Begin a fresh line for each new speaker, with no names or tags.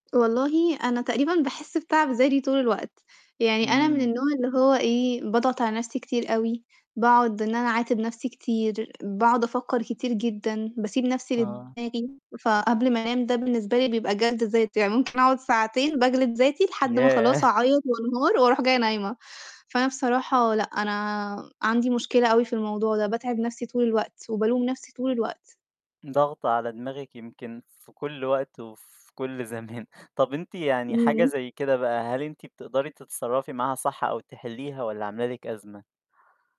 والله أنا تقريبًا باحس بتعب ذاتي طول الوقت، يعني أنا من
إمم.
النوع اللي هو إيه، باضغط على نَفْسي كتير أوي، باقعُد إن أنا أعاتب نَفْسي كتير، باقعُد أفكّر كتير جدًا، باسيب نَفْسي
آه.
لدماغي، فقبل ما أنام ده بالنسبة لي بيبقى جَلد ذات، يعني ممكن أقعُد ساعتين باجلد ذاتي لحد ما خلاص
ياه!
أعيّط وأنهار وأرُوح جاية نايمة. فأنا بصراحة لأ، أنا عندي مشكلة أوي في الموضوع ده، باتعِب نَفْسي طول الوقت، وبالوم نَفْسي طول الوقت.
ضاغطة على دماغِك يمكن في كُلّ وقت وفي كُلّ زمان. طَب أنتِ يعني حاجة
اهم.
زي كده بقى، هل أنتِ بتقدري تتصرّفي معاها صح، أو تحلّيها والَّا عاملة لِك أزمة؟